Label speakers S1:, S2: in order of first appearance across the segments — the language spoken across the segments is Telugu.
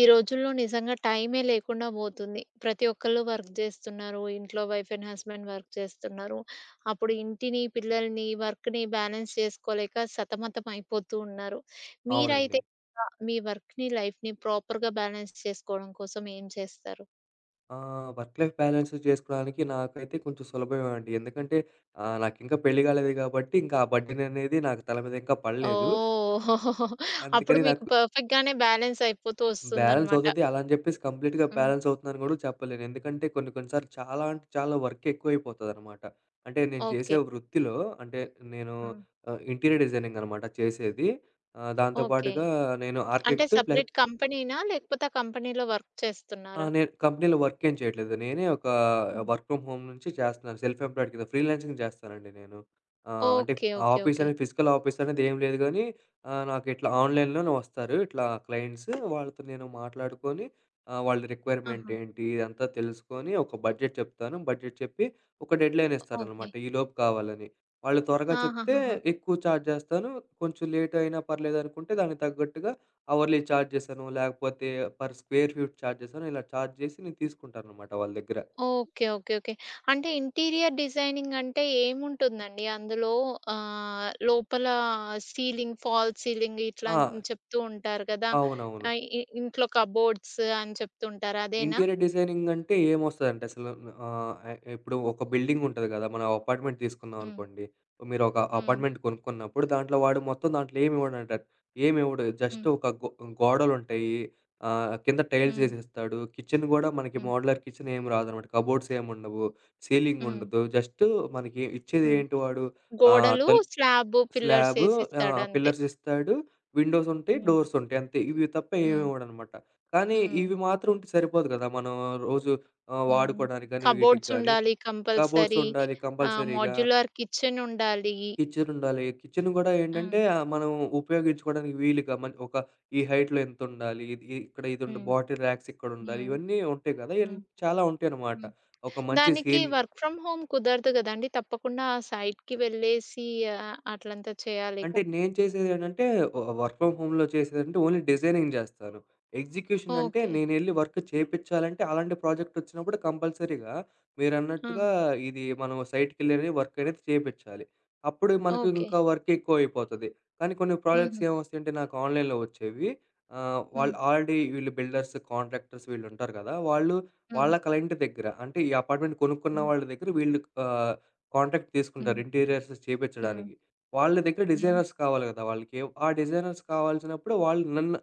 S1: ఈ రోజుల్లో నిజంగా టైమే లేకుండా పోతుంది. ప్రతి ఒక్కళ్ళు వర్క్ చేస్తున్నారు, ఇంట్లో వైఫ్ అండ్ హస్బెండ్ వర్క్ చేస్తున్నారు. అప్పుడు ఇంటిని, పిల్లల్ని, వర్క్‌ని బ్యాలెన్స్ చేసుకోలేక సతమతం అయిపోతు ఉన్నారు. మీరైతే
S2: అవునండి.
S1: ఎలా మీ వర్క్‌ని, లైఫ్‌ని ప్రాపర్‌గా బ్యాలెన్స్ చేసుకోవడం కోసం ఏం చేస్తారు?
S2: ఆహ్, వర్క్ లైఫ్ బ్యాలెన్సు చేసుకోవడానికి నాకైతే కొంచెం సులభమే అండి ఎందుకంటే, ఆహ్, నాకింక పెళ్లి కాలేదు కాబట్టి ఇంకా ఆ బర్డెన్ అనేది నాకు తల మీద ఇంకా పడలేదు.
S1: ఓహ్! అప్పుడు
S2: అందుకని
S1: మీకు
S2: నాకు
S1: పర్ఫెక్ట్‌గానే బ్యాలెన్స్ అయిపోతూ
S2: బ్యాలెన్స్
S1: వస్తుందనమాట.
S2: అవుతది. అలా అని చెప్పేసి కంప్లీట్‌గా
S1: హ్మ్.
S2: బ్యాలెన్స్ అవుతుందని గుడా చెప్పలేను. ఎందుకంటే, కొన్ని కొన్ని సార్లు చాలా అంటే చాలా వర్క్ ఎక్కువ అయిపోతుందనమాట. అంటే నేను చేసే
S1: ఓకె.
S2: వృత్తిలో, అంటే నేను
S1: హ్మ్.
S2: ఆహ్, ఇంటీరియర్ డిజైనింగ్ అనమాట చేసేది. ఆహ్, దాంతో
S1: ఓకె.
S2: పాటుగా నేను
S1: అంటే
S2: ఆర్కిటెక్ట్ ప్లస్
S1: సెపరేట్ కంపెనీనా? లేకపోతే ఆ కంపెనీలో వర్క్
S2: ఆ!
S1: చేస్తున్నారా?
S2: నేను కంపెనీలో వర్క్ ఏం చేయట్లేదు, నేనే ఒక
S1: హ్మ్.
S2: వర్క్ ఫ్రమ్ హోమ్ నుంచి చేస్తున్నాను. సెల్ఫ్ ఎంప్లాయిడ్ కింద, ఫ్రీలాన్సింగ్ చేస్తానండి నేను. ఆహ్, అంటే
S1: ఓకె, ఓకె,
S2: ఆఫీస్
S1: ఓకె.
S2: అనేది, ఫిజికల్ ఆఫీస్ అనేది ఏం లేదు గానీ, ఆహ్, నాకు ఇట్లా ఆన్లైన్‌లోనే వస్తారు ఇట్లా క్లయింట్సు, వాళ్ళతో నేను మాట్లాడుకొని. ఆహ్, వాళ్ళ రిక్వైర్మెంట్
S1: ఆహా!
S2: ఏంటి? ఇదంతా తెలుసుకొని, ఒక బడ్జెట్ చెప్తాను. బడ్జెట్ చెప్పి, ఒక డెడ్లైన్
S1: ఓ ఓకె.
S2: ఇస్తారనమాట ఈలోపు కావాలని. వాళ్ళు త్వరగా చెప్తే
S1: ఆహాహాహా!
S2: ఎక్కువ చార్జ్ చేస్తాను, కొంచెం లేట్ అయినా పర్లేదు అనుకుంటే దానికి తగ్గట్టుగా అవర్లీ చార్జెస్ అనో, లేకపోతే పర్ స్క్వేర్ ఫీట్ చార్జెస్ అనో, ఇలా చార్జ్ చేసి నేను తీసుకుంటాను అనమాట వాళ్ళ దగ్గర.
S1: Okay, okay, okay. అంటే ఇంటీరియర్ డిజైనింగ్ అంటే ఏముంటుందండి? అందులో ఆహ్, లోపల సీలింగ్, ఫాల్స్ సీలింగ్ ఇట్లా
S2: ఆ!
S1: చెప్తూ ఉంటారు కదా!
S2: అవునవును.
S1: ఆహ్, ఇ ఇంట్లో కబోర్డ్స్ అని చెప్తూ ఉంటారు అదేనా?
S2: ఇంటీరియర్ డిజైనింగ్ అంటే ఏం వస్తదంటే అసలు, ఆహ్, ఏహ్, ఇప్పుడు ఒక బిల్డింగ్ ఉంటది గద. మనం అపార్ట్మెంట్ తీసుకున్నాం
S1: హ్మ్.
S2: అనుకోండి, మీరు ఒక
S1: హ్మ్.
S2: అపార్ట్మెంట్ కొనుక్కున్నప్పుడు దాంట్లో వాడు మొత్తం దాంట్లో ఏమి ఇవ్వడండి అడు. ఏం ఇవ్వడు జస్ట్
S1: హ్మ్.
S2: ఒక గొ గోడలుంటయి, ఆహ్, కింద టైల్స్
S1: హ్మ్.
S2: ఏసిస్తాడు. కిచెన్ కూడా మనకి
S1: హ్మ్.
S2: మోడలర్ కిచెన్ ఏం రాదనమాట. కబోర్డ్స్ ఏం ఉండవు, సీలింగ్
S1: హ్మ్.
S2: ఉండదు, జస్టు మనకి
S1: హ్మ్.
S2: ఇచ్చేదేంటి వాడు ఆహ్,
S1: గోడలు
S2: తల్
S1: స్లాబు,
S2: స్లాబు,
S1: పిల్లర్సేసిస్తాడు
S2: ఆహ్,
S1: అంతే.
S2: పిల్లర్స్ ఇస్తాడు, విండోస్ ఉంటాయి,
S1: హ్మ్.
S2: డోర్స్ ఉంటాయి అంతే ఇవి తప్ప ఏం
S1: హ్మ్.
S2: ఇవ్వడు అనమాట. కానీ
S1: హ్మ్.
S2: ఇవి మాత్రం ఉంటే సరిపోదు కదా మనం రోజు ఆహ్,
S1: హ్మ్.
S2: వాడుకోవడానికి కానీ, వీటికి
S1: కబోర్డ్స్
S2: కానీ
S1: ఉండాలి,
S2: కబోర్డ్స్
S1: కంపల్సరీ
S2: ఉండాలి
S1: ఆహ్,
S2: కంపల్సరీగా.
S1: మాడ్యులర్ కిచెన్ ఉండాలి.
S2: కిచెన్ ఉండాలి, కిచెన్ కూడా ఏంటంటే
S1: ఆ!
S2: ఆహ్, మనం ఉపయోగించుకోవడానికి వీలుగా మన్ ఒక ఈ హైట్‌‌లో ఎంత ఉండాలి, ఇ ఇక్కడ ఇది ఉండ
S1: హ్మ్.
S2: బాటిల్ రాక్స్ ఇక్కడ ఉండాలి.
S1: హ్మ్.
S2: ఇవన్నీ ఉంటాయి గదా ఇయన్
S1: హ్మ్.
S2: చాలా ఉంటాయనమాట.
S1: హ్మ్,
S2: ఒక మంచి
S1: దానికి
S2: సీలింగ్
S1: వర్క్ ఫ్రమ్ హోమ్ కుదరదు కదండీ తప్పకుండా ఆ సైట్‌కి వెళ్లేసి అట్లంత చేయాలి
S2: అంటే
S1: కదా!
S2: నేను చేసేది ఏంటంటే, ఒ ఆహ్, వర్క్ ఫ్రమ్ హోమ్‌లో చేసేదేంటంటే, ఓన్లీ డిజైనింగ్ చేస్తాను. ఎగ్జిక్యూషన్ అంటే
S1: ఓకె.
S2: నేనెళ్లి వర్క్ చేపిచాలంటే, అలాంటి ప్రాజెక్ట్ వచ్చినప్పుడు కంపల్సరీగా
S1: ఆ!
S2: మీరన్నట్టుగా ఇది మనం సైట్‌కెళ్ళి వర్క్ అనేది చేపిచాలి. అప్పుడే మనకు
S1: ఓకె.
S2: ఇంకా వర్క్ ఎక్కువ అయిపోతది. కానీ కొన్ని ప్రాజెక్ట్స్
S1: హుహు.
S2: ఏం వస్తాయి అంటే నాకు ఆన్లైన్‌లో వచ్చేవి ఆహ్,
S1: హ్మ్.
S2: వాళ్ళు ఆల్రెడీ వీళ్ళు బిల్డర్స్, కాంట్రాక్టర్స్ వీళ్ళు ఉంటారు కదా! వాళ్ళు
S1: హ్మ్.
S2: వాళ్ళ క్లైంట్ దగ్గర అంటే ఈ అపార్ట్మెంట్ కొనుక్కున్న
S1: హ్మ్.
S2: వాళ్ళ దగ్గర, వీళ్ళు ఆహ్, కాంట్రాక్ట్ తీసుకుంటారు
S1: హ్మ్.
S2: ఇంటీరియర్స్
S1: హ్మ్.
S2: చేపించడానికి. వాళ్ళ దగ్గర
S1: హ్మ్.
S2: డిజైనర్స్ కావాలి కదా, వాళ్ళకి ఆ డిజైనర్స్ కావాల్సినప్పుడు వాళ్ళు నన్ను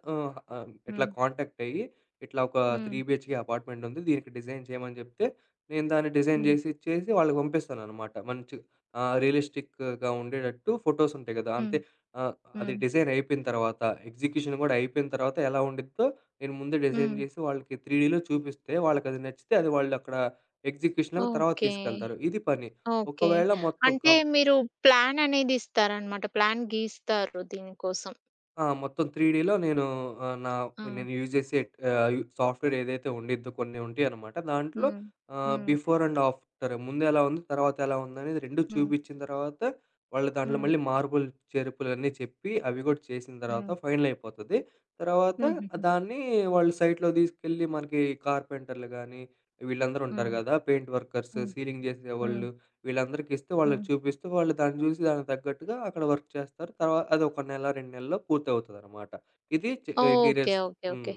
S2: ఆహ్, ఇట్లా
S1: హ్మ్.
S2: కాంటాక్ట్ అయ్యి, ఇట్లా ఒక 3
S1: హ్మ్.
S2: బిహెచ్‌కే అపార్ట్మెంట్ ఉంది దీనికి డిజైన్ చేయమని చెప్తె. నేను దాన్ని డిజైన్
S1: హ్మ్.
S2: చేసిచ్చేసి వాళ్ళకి పంపిస్తాను అనమాట. మంచిగ ఆ! రియలిస్టిక్‌గా ఉండేటట్టు, ఫోటోస్ ఉంటాయి కదా
S1: హ్మ్.
S2: అంతే ఆహ్, అది
S1: హ్మ్.
S2: డిజైన్ అయిపోయిన తర్వాత. ఎగ్జిక్యూషన్ కూడా అయిపోయిన తర్వాత ఎలా ఉండిద్దో, నేను ముందే డిజైన్
S1: హ్మ్.
S2: చేసి వాళ్ళకి త్రీ‌డ్‌లో చూపిస్తే వాళ్ళకి అది నచ్చితే అది వాళ్ళు అక్కడ ఎగ్జిక్యూషన్ అన్నది తర్వాత
S1: ఓకె.
S2: తీసుకెళ్తారు. ఇది పని
S1: ఓకె,
S2: ఒకవేళ మొత్తం
S1: అంటే
S2: కం
S1: మీరు ప్లాన్ అనేది ఇస్తారు అన్నమాట ప్లాన్ గీస్తారు దీని కోసం.
S2: ఆ! మొత్తం త్రీడిలో నేను ఆహ్, నా
S1: ఆ!
S2: నేను యూజ్ జేసే ఆహ్, సాఫ్ట్‌వేర్ ఏదైతే ఉండిద్దో, కొన్ని ఉంటయి అనమాట దాంట్లో
S1: హ్మ్.
S2: ఆహ్,
S1: హ్మ్.
S2: బిఫోర్ అండ్ ఆఫ్టర్ ముందు ఎలా ఉంది తర్వాత ఎలా ఉందనేది 2
S1: హ్మ్.
S2: చూపిచ్చిన తర్వాత, వాళ్ళు దాంట్లో
S1: హ్మ్.
S2: మళ్ళీ మార్పులు చేర్పులన్నీ చెప్పి, అవి గూడా చేసిన తర్వాత
S1: హ్మ్.
S2: ఫైనల్ అయిపోతది. తర్వాత
S1: హుహుహు.
S2: దాన్ని వాళ్ళు సైట్‌లోకి దీసుకెళ్ళి మనకి కార్పెంటర్లు గాని, వీళ్ళందరూ ఉంటారు
S1: హ్మ్.
S2: గదా! పెయింట్ వర్కర్స్,
S1: హ్మ్.
S2: సీలింగ్
S1: హ్మ్.
S2: జేసేవాళ్ళు వీళ్ళందరికిస్తూ, వాళ్ళకి
S1: హ్మ్.
S2: చూపిస్తూ వాళ్ళు దాన్ని జూసి దానికి తగ్గట్టుగా అక్కడ వర్క్ చేస్తారు. తర్వా అదొక నెల, 2 నెలల్లో పూర్తి అవుతదనమాట. ఇది చె
S1: ఓకె.
S2: Interiors
S1: okay.
S2: హ్మ్.
S1: ఓకె.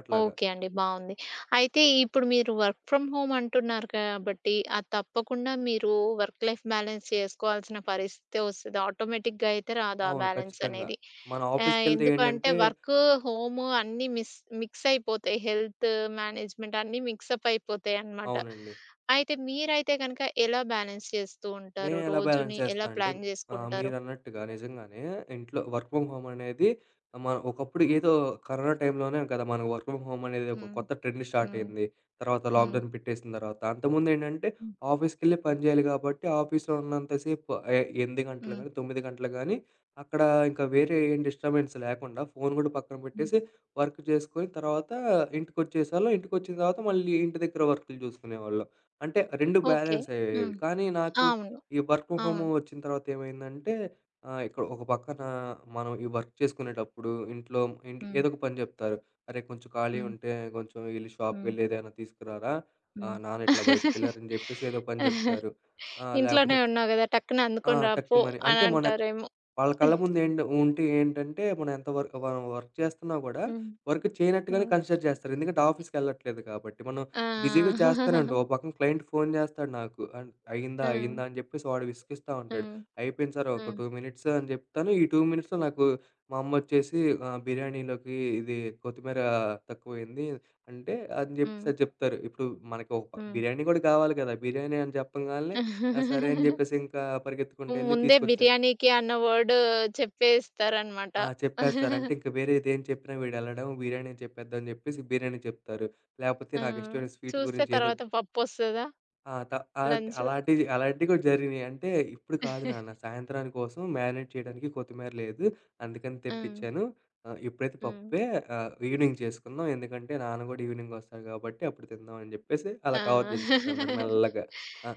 S2: అట్లాగ.
S1: ఓకె అండి బావుంది. అయితే, ఇప్పుడు మీరు వర్క్ ఫ్రమ్ హోమ్ అంటున్నారు కాబట్టి, అది తప్పకుండా మీరు వర్క్ లైఫ్ బ్యాలెన్స్ చేసుకోవాల్సిన పరిస్థితే వస్తది. ఆటోమేటిక్‌గా అయితే రాదు ఆ
S2: అవును ఖచ్చితంగా
S1: బ్యాలెన్సనేది.
S2: మన
S1: ఆహ్,
S2: ఆఫీస్‌కెళ్తే
S1: ఎందుకంటే
S2: ఏంటంటే
S1: వర్కు, హోము అన్నీ మిస్ మిక్స్ అయిపోతాయి హెల్త్ మ్యానేజ్‌మెంట్ అన్నీ మిక్స్ అప్ అయిపోతాయి అనమాట.
S2: అవునండి.
S1: అయితే మీరైతే గనక ఎలా బ్యాలెన్స్ చేస్తూ ఉంటారు
S2: నేనెలా బ్యాలెన్స్
S1: రోజుని ఎలా
S2: చేస్తా అంటే
S1: ప్లాన్
S2: ఆహ్,
S1: చేసుకుంటారు?
S2: మీరన్నట్టుగా నిజంగానే ఇంట్లో వర్క్ ఫ్రమ్ హోమ్ అనేది మ ఒకప్పుడు ఏదో కరోనా టైంలోనే గదా! మన వర్క్ ఫ్రమ్ హోమ్ అనేది ఒక
S1: హ్మ్.
S2: కొత్త ట్రెండ్ స్టార్ట్
S1: హ్మ్.
S2: అయింది. తర్వాత
S1: హ్మ్.
S2: లాక్‌డౌన్ పెట్టేసిన తర్వాత, అంతకుముందు ఏంటంటే,
S1: హ్మ్.
S2: ఆఫీస్‌కెళ్లే పని జేయాలి కాబట్టి, ఆఫీస్‌‌లో ఉన్నంత సేపు ఆహ్, 8 గంటలకు
S1: హ్మ్.
S2: గానీ, 9 గంటలకు గానీ అక్కడ ఇంక వేరే ఏం డిస్టబెన్స్ లెకుండా ఫోను గూడా పక్కన
S1: హ్మ్.
S2: పెట్టేసి వర్క్ చేసుకొని తర్వాత, ఇంటికొచ్చేసేవాళ్ళం. ఇంటికొచ్చిన తర్వాత మళ్ళీ ఇంటి దగ్గర వర్కులు జూసుకునేవాళ్ళం. అంటే 2
S1: ఓకె.
S2: బ్యాలెన్స్ అయ్యేవి,
S1: హ్మ్.
S2: కానీ నాకు
S1: అవును.
S2: ఈ వర్క్ ఫ్రమ్ హోమ్
S1: అవును.
S2: వచ్చిన తర్వాత ఏమైందంటే, ఆహ్, ఇక్కడ ఒక పక్కన మనం ఈ వర్క్ చేసుకునేటప్పుడు ఇంట్లో, ఇంట్ల్ ఏదో
S1: హ్మ్.
S2: ఒక పని చెప్తారు. "అరే! కొంచెం
S1: హ్మ్.
S2: ఖాళీగుంటే కొంచెం యెళ్లి షాప్‌కి
S1: హ్మ్.
S2: యెళ్లి ఏదైనా తీసుకురారా.
S1: హ్మ్.
S2: ఆహ్, నాన్న ఇట్లా బయటికెళ్లారు" అని జెప్పేసి ఏదో ఒక పని జెప్తారు. ఆ!
S1: ఇంట్లోనే
S2: లేపోతే ఫ్
S1: ఉన్నావు గదా! టక్కున
S2: ఆ!
S1: అందుకొని రాపో
S2: టక్కుమని.
S1: అని
S2: అంటే, మన
S1: అంటారేమో.
S2: వాళ్ళ కళ్ళ ముందెంటో ఉంటే ఏంటంటే, మనం ఎంత వరకు వర్ వర్క్ చేస్తున్నా గూడా
S1: హ్మ్.
S2: వర్క్ చేయనట్టుగానే
S1: హ్మ్.
S2: కన్సిడర్ జేస్తారు. ఎందుకంటే ఆఫీస్‌కెళ్ళట్లేదు కాబట్టి, మనం బిజీగా
S1: ఆ!
S2: చేస్తానే ఉంటాం. ఓ పక్కన క్లైంట్ ఫోను చేస్తాడు నాకు, అన్ అయిందా,
S1: ఆ!
S2: అయిందా అని చెప్పేసి వాడు విసిగిస్తా
S1: ఆ!
S2: ఉంటాడు. అయిపోయింది సారు ఒక
S1: ఆ!
S2: 2 మినిట్స్ అని జెప్తాను, ఈ 2 మినిట్స్‌లో నాకు మా అమ్మొచ్చేసి "ఆహ్, బిర్యానీలోకి ఇది కొత్తిమీర తక్కువ అయింది" అంటే, అని
S1: హ్మ్.
S2: జెప్పిసది జెప్తారు. ఇప్పుడు మనకు ఒక
S1: హ్మ్.
S2: బిర్యానీ గుడా కావాలి గదా! బిర్యానీ అని చెప్పంగాల్నే, ఆ! సరే అని జెప్పేసి ఇంకా పరిగెత్తుకుంటూ వెళ్లి
S1: ముందే
S2: తీసుకొచ్చా
S1: బిర్యానీకి అన్న వర్డ్ చెప్పేస్తారనమాట.
S2: ఆ! చెప్పేస్తారు. అంటే, ఇంక వేరేదేం చెప్పినా వీడు ఎళ్ళడం బిర్యానీ అని చెప్పేద్దాం అని చెప్పేసి బిర్యానీ చెప్తారు, లాకపోతే
S1: ఆ!
S2: నాకిష్టమైన స్వీటు
S1: చూస్తే
S2: గురించి ఏదో
S1: తర్వాత పప్పొస్తదా?
S2: ఆ! త అం అలాంటి
S1: లంచ్‌లో?
S2: అలాంటివి అలాంటివి కూడా జరిగినాయి అంటే, "ఇప్పుడు కాదు నాన్న సాయంత్రానికి కోసం మ్యానేట్ చేయడానికి కొత్తిమీర లేదు. అందుకని
S1: ఆ!
S2: తెప్పిచ్చాను. ఆహ్, ఇప్పుడైతే
S1: హ్మ్.
S2: పప్పే ఆహ్, ఈవినింగ్ చేసుకుందాం ఎందుకంటే నాన్న గూడా ఈవినింగ్ వస్తాడు కాబట్టి అప్పుడు తిందాం" అని చెప్పేసి
S1: ఆ!
S2: అలా కవర్ చేసేసింది అనమాట మెల్లగా. అ!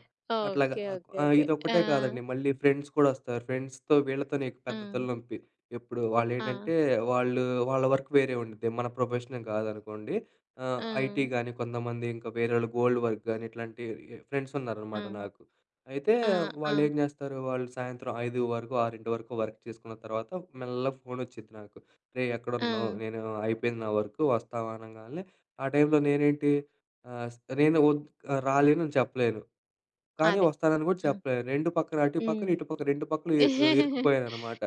S2: అట్లాగా
S1: ఓకె. ఓకె.
S2: ఆహ్,
S1: ఓకె. ఆ!
S2: ఇదొక్కటే కాదండి మళ్ళీ ఫ్రెండ్స్ కూడా వస్తారు, ఫ్రెండ్స్‌తో వీళ్ళతోనే ఎక్కువ పెద్ద తల
S1: హ్మ్.
S2: నొప్పి. ఎప్పుడు
S1: ఆ!
S2: వాళ్ళేంటంటే, వాళ్ళు వాళ్ళ వర్క్ వేరే ఉండుద్ది. మన ప్రొఫెషన్ గాదనుకోండి. ఆహ్, ఐటీ
S1: ఆ!
S2: గానీ, కొంతమంది ఇంకా వేరొళ్ళు గోల్డ్ వర్క్ కానీ ఇట్లాంటి ఫ్రెండ్స్
S1: ఆ!
S2: ఉన్నారనమాట నాకు. అయితే,
S1: ఆ! ఆ!
S2: వాళ్ళేం జేస్తారు వాళ్ళు సాయంత్రం 5 వరకు, ఆరింటి వరకు వర్క్ చేసుకున్న తర్వాత మెల్లగ ఫోనొచ్చిద్ది నాకు. "రేయ్! ఎక్కడున్నావు,
S1: ఆ!
S2: నేను అయిపోయింది నా వర్కు వస్తావా" అనంగాల్నే ఆ టైంలో నేనేంటి. ఆహ్, స్ నేను వద్ రాలేను అని చెప్పలేను, కానీ
S1: అదే.
S2: వస్తానని కూడా
S1: హ్మ్.
S2: చెప్పలేను. 2 పక్కన, అటు పక్కన,
S1: హ్మ్.
S2: ఇటు పక్కన 2 పక్కల యె ఇరుక్కుపోయాననమాట.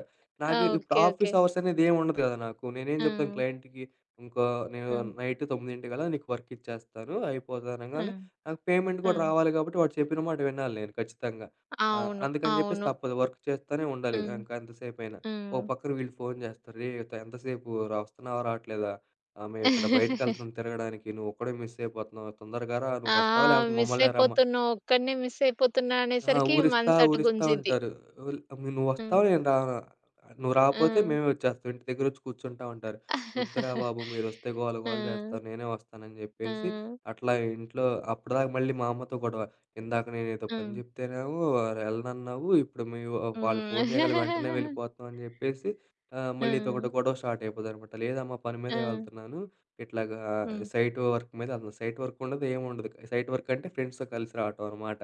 S2: నాకు ఇప్పుడు
S1: ఓకె.
S2: Office
S1: okay.
S2: అవర్స్ అనేది ఏం ఉండదు కదా నాకు నేనేం చెప్తాను
S1: ఆ!
S2: క్లయింట్‌కి ఇంకో నేను
S1: హ్మ్.
S2: నైట్ తొమ్మిదింటికల్లా నీకు వర్క్ ఇచ్చేస్తాను, అయిపోతది అనంగాల్నే,
S1: హ్మ్.
S2: నాకు పేమెంట్ కూడా
S1: హ్మ్.
S2: రావాలి కాబట్టి వాడు చెప్పిన మాట వినాలి నేను ఖచ్చితంగా. ఆ!
S1: అవును.
S2: అందుకని చెప్పేసి
S1: అవును.
S2: తప్పదు వర్క్ చేస్తూనే ఉండాలి,
S1: హ్మ్.
S2: ఇంక ఎంత సేపు అయిన. ఓ
S1: హ్మ్.
S2: పక్కన వీళ్ళు ఫోను చేస్తారు, "రేయ్! త ఎంతసేపు, రా వస్తున్నావా రావట్లేదా? ఆహ్, మేం ఇక్కడ బయటకెళ్తున్నాం తిరగడానికి నువ్వు ఒక్కడే మిస్ అయిపోతున్నావు తొందరగా రా
S1: ఆ!
S2: నువ్వు వస్తావా లేకపోతే
S1: మిస్
S2: మమ్మల్నే రమ్మ"
S1: అయిపోతున్నావ్, ఒక్కడినే మిస్ అయిపోతున్నా
S2: ఆ!
S1: అనేసరికి
S2: ఊరిస్తా,
S1: మనసు అటు
S2: ఊరిస్తా
S1: గుంజిద్ది.
S2: ఉంటారు. ఉల్ అబ్ "నువ్వు వస్తావా,
S1: హ్మ్.
S2: నేను రానా? నువ్వు రాకపోతే
S1: ఆ!
S2: మేమే వచ్చేస్తాం, ఇంటి దగ్గర వచ్చి కూర్చుంటాం" అంటారు. వద్దురా బాబు మీరోస్తే గోల గోల
S1: ఆ!
S2: జేస్తారు నేనే వస్తాను అని జెప్పేసి
S1: ఆ!
S2: అట్లా ఇంట్లో అప్పటిదాకా మళ్ళీ మా అమ్మతో గొడవ, "ఇందాక నేనెదో పని
S1: హ్మ్.
S2: చెప్తేనే వెళ్ళనన్నావు ఇప్పుడు మీ వా వాళ్ళు
S1: హ్మ్.
S2: ఫోను చేయగలినే వెంటనే వెళ్ళిపోతున్నావు" అని చెప్పేసి ఆహ్,
S1: ఆ!
S2: మళ్ళీ ఇదొకటి గొడవ స్టార్ట్ అయిపోద్దనమాట. లేదమ్మా పని మీదే
S1: ఆ!
S2: వెళ్తున్నాను. ఇట్లాగా
S1: హ్మ్.
S2: సైట్ వర్క్ మీద అసలు సైట్ వర్క్ ఉండదు. ఏం ఉండదు. సైట్ వర్క్ అంటే ఫ్రెండ్స్‌తో కలిసి రావటం అనమాట.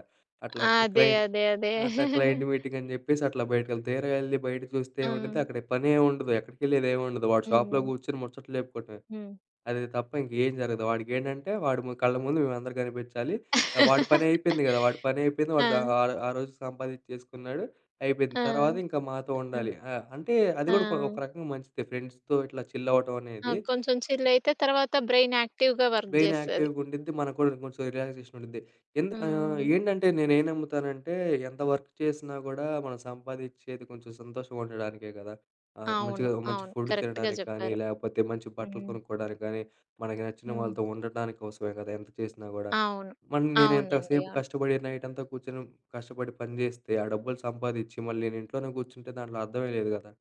S2: అట్లాగ
S1: అదే.
S2: క్లయింట్
S1: అదే. అదే.
S2: అట్లా క్లైంట్ మీటింగ్ అని జెప్పేసి అట్లా బయటికెళ్ళి. తీర యెళ్లి బయట చూస్తే ఏం ఉండిద్ది,
S1: హ్మ్.
S2: అక్కడ పనేముండదు ఎక్కడికెళ్ళేదేముండదు. వాడి షాప్‌లో
S1: హ్మ్.
S2: గూర్చొని ముచ్చట్లు చెప్పుకొటమే.
S1: హ్మ్.
S2: అది తప్ప ఇంకేం జరగదు. వాడికేంటంటే, వాడి ము కళ్ళ ముందు మేమందరం గనిపించాలి, ఆహ్, వాడి పని అయిపోయింది గదా! వాడి పని అయిపోయింది. వాడు ద
S1: ఆ!
S2: ఆ రోజు సంపాదించేసుకున్నాడు, అయిపోయింది.
S1: ఆ!
S2: తర్వాత ఇంక మాతో
S1: అ!
S2: ఉండాలి. ఆ! అంటే అది
S1: ఆ!
S2: కూడా ఒక రకంగా, మంచిదే ఫ్రెండ్స్‌తో ఇట్లా చిల్ అవ్వటం
S1: అ!
S2: అనేది.
S1: కొంచెం చిల్ అయితే తర్వాత బ్రెయిన్ యాక్టివ్‌‌గా వర్క్
S2: బ్రెయిన్
S1: జేస్తది.
S2: యాక్టివ్‌గా ఉండిద్ది మనకు కూడా కొంచెం రిలాక్సేషన్ ఉండిద్ది. ఎందు ఆహ్,
S1: హ్మ్.
S2: ఏంటంటే నేనేం నమ్ముతానంటే ఎంత వర్క్ చేసినా కూడా మనం సంపాదించేది కొంచెం సంతోషంగా ఉండడానికే కదా! ఆహ్,
S1: అవును.
S2: మంచిగా మంచి
S1: అవును.
S2: ఫుడ్,
S1: కరెక్ట్‌గా
S2: తినడానికి కానీ,
S1: చెప్పారు.
S2: లేకపోతే మంచి బట్టలు
S1: హ్మ్.
S2: కొనుక్కోవడానికి గానీ, మనకి నచ్చిన
S1: హ్మ్.
S2: వాళ్ళతో ఉండటానికి కోసమే కదా! ఎంత చేసినా గూడా.
S1: అవును.
S2: మళ్ళీ నేను ఎంత
S1: అవునండి.
S2: సేపు
S1: అవును.
S2: కష్టపడి నైటంతా కూర్చొని, కష్టపడి పని జేస్తే ఆ డబ్బులు సంపాదించి మళ్ళీ నేను ఇంట్లోనే కూర్చుంటే దాంట్లో అర్థమే లేదు గదా!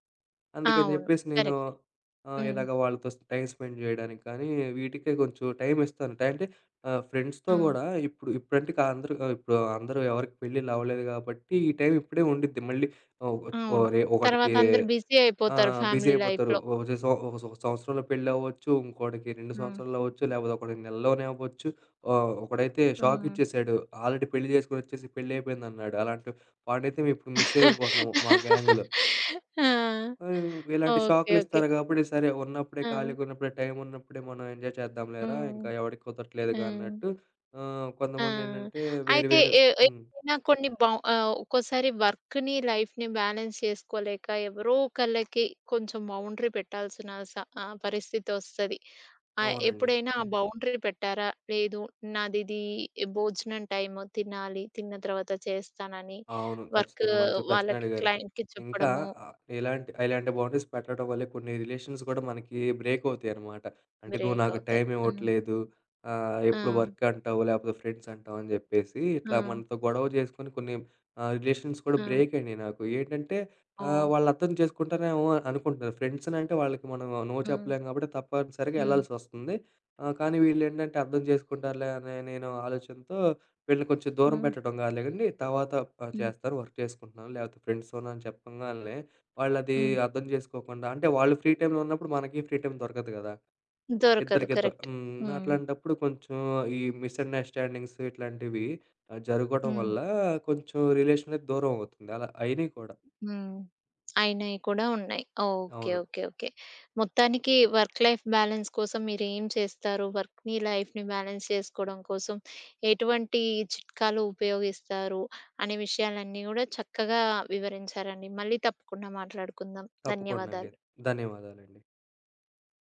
S2: అందుకని
S1: అవును.
S2: చెప్పేసి నేను
S1: కరెక్ట్.
S2: ఆహ్,
S1: హ్మ్.
S2: ఇలాగ వాళ్ళతో స్ టైమ్ స్పెండ్ చేయడానికి కానీ, వీటికె కొంచెం టైం ఇస్తాను. టై అంటే, ఆహ్, ఫ్రెండ్స్‌తో
S1: హ్మ్.
S2: గూడా ఇప్పుడు ఇప్పుడంటే కా అందరు, ఇప్పుడు అందరూ ఎవరికీ పెళ్లిళ్లు అవ్వలేదు కాబట్టి ఈ టైం ఇప్పుడే ఉండిద్ది మళ్ళీ ఓహ్, చ్ ఓహ్,
S1: అవును.
S2: రొ
S1: తర్వాత
S2: ఒకడికీ
S1: అందరూ బిజీ అయిపోతారు,
S2: ఆహ్, బిజీ
S1: ఫ్యామిలీ
S2: అయిపోతారు.
S1: లైఫ్‌లో.
S2: ఒచే సొ ఒక ఒక సంవత్సరంలో పెళ్లవ్వచ్చు, ఇంకోడికి 2
S1: హ్మ్.
S2: సంవత్సరాల్లో అవ్వచ్చు. లేకపోతే ఒకడికి నెలల్లోనే అవ్వచ్చు. ఆహ్, ఒకడైతే
S1: హ్మ్.
S2: షాకిచ్చేసాడు ఆల్రెడీ పెళ్లి జేసుకొనొచ్చేసి, పెళ్లి అయిపోయిందన్నాడు. అలాంటి వాడినైతే మేము ఇప్పుడు మిస్ అయిపోతున్నాము మా గ్యాంగ్‌లో.
S1: ఆ!
S2: ఆహ్, హ్మ్. ఇలాంటి
S1: ఓకె. ఓకె.
S2: షాకులిస్తారు కాబట్టి, సరే ఉన్నప్పుడే
S1: ఆ!
S2: ఖాళీగా ఉన్నప్పుడే టైమున్నప్పుడే మనం ఎంజాయ్ చేద్దాంలేరా
S1: హ్మ్.
S2: ఇంకా ఎవడికి
S1: ఆ!
S2: కుదరట్లేదుగా అన్నట్టు. ఆహ్,
S1: ఆ!
S2: కొంతమందేంటంటే వేరు
S1: అయితే
S2: వేరు
S1: ఎవ్
S2: హ్మ్.
S1: ఎవరైనా కొన్ని బౌ ఆహ్, ఒక్కోసారి వర్క్‌ని, లైఫ్‌ని బ్యాలెన్స్ చేసుకోలేక ఎవరో ఒకళ్ళకి కొంచెం బౌండరీ పెట్టాల్సిన స ఆహ్, పరిస్థితొస్తది. ఆహ్,
S2: అవునండి.
S1: ఎప్పుడైనా ఆ బౌండరీ పెట్టారా లేదు నాదిది, భోజనం టైము తినాలి తిన్న తర్వాత చేస్తానని
S2: అవును
S1: వర్క్
S2: ఖచ్చితంగా మంచి ప్రశ్నే
S1: వాళ్ళకి
S2: అడిగారు,
S1: క్లయింట్‌కి
S2: ఇంకా
S1: చెప్పడము
S2: ఇలాంటి ఇలాంటి బౌండరీస్ పెట్టడం వల్లే కొన్ని రిలేషన్స్ కూడా మనకి బ్రేక్ అవుతాయి అనమాట. అంటే నువ్వు
S1: బ్రేక్
S2: నాకు
S1: అవుతాయి. హ్మ్.
S2: టైమివ్వట్లేదు, ఆహ్, ఎప్పుడు
S1: ఆ!
S2: వర్క్ అంటావు లేపోతే ఫ్రెండ్స్ అంటావు అని జెప్పేసి ఇట్లా
S1: ఆ!
S2: మనతో గొడవ జేసుకొని కొన్ని ఆహ్, రిలేషన్స్ కూడా
S1: ఆ!
S2: బ్రేక్ అయినయి నాకు. ఏంటంటే ఆహ్,
S1: ఓహ్!
S2: వాళ్ళర్థం చేసుకుంటారేమో అనుకుంటున్నారు, ఫ్రెండ్స్ అంటే వాళ్ళకి మనం నో
S1: హ్మ్.
S2: చెప్పలేం కాబట్టి తప్పనిసరిగా
S1: హ్మ్.
S2: యెళ్ళాల్సొస్తుంది. ఆహ్, కానీ వీళ్ళేంటంటే అర్థం చేసుకుంటారులే అని నేను ఆలోచనతో వీళ్ళని కొంచెం దూరం
S1: హ్మ్.
S2: పెట్టడం కాదులే గాని, తర్వాత ఆహ్,
S1: హ్మ్.
S2: చేస్తారు వర్క్ చేసుకుంటున్నాను, లాకపోతే ఫ్రెండ్స్‌తో ఉన్న అని చెప్పంగాల్నే వాళ్ళది
S1: హ్మ్.
S2: అర్థం జేసుకోకుండా, అంటే వాళ్ళు ఫ్రీ టైంలో ఉన్నప్పుడు మనకి ఫ్రీ టైమ్ దొరకదు గదా!
S1: దొరకదు
S2: ఇద్దరికిద్
S1: కరెక్ట్.
S2: హ్మ్.
S1: హ్మ్.
S2: అట్లాంటప్పుడు కొంచెం ఈ మిస్ అండర్‌స్టాండింగ్స్ ఇట్లాంటివి జరగడం వల్ల
S1: హ్మ్.
S2: కొంచెం రిలేషననేది దూరమవుతుంది. అలా అయినయి కూడా.
S1: హ్మ్. అయినయి కూడా ఉన్నాయి. ఓకె.
S2: అవును.
S1: ఓకె. ఓకె. మొత్తానికి వర్క్ లైఫ్ బ్యాలెన్స్ కోసం మీరు ఏం చేస్తారు? వర్క్‌ని, లైఫ్‌ని బ్యాలెన్స్ చేసుకోవడం కోసం ఎటువంటి చిట్కాలు ఉపయోగిస్తారు, అనే విషయాలన్నీ గూడా చక్కగా వివరించారండి. మళ్ళీ తప్పకుండా మాట్లాడుకుందాం.
S2: తప్పకుండ అండి
S1: ధన్యవాదాలు.
S2: ధన్యవాదాలండి.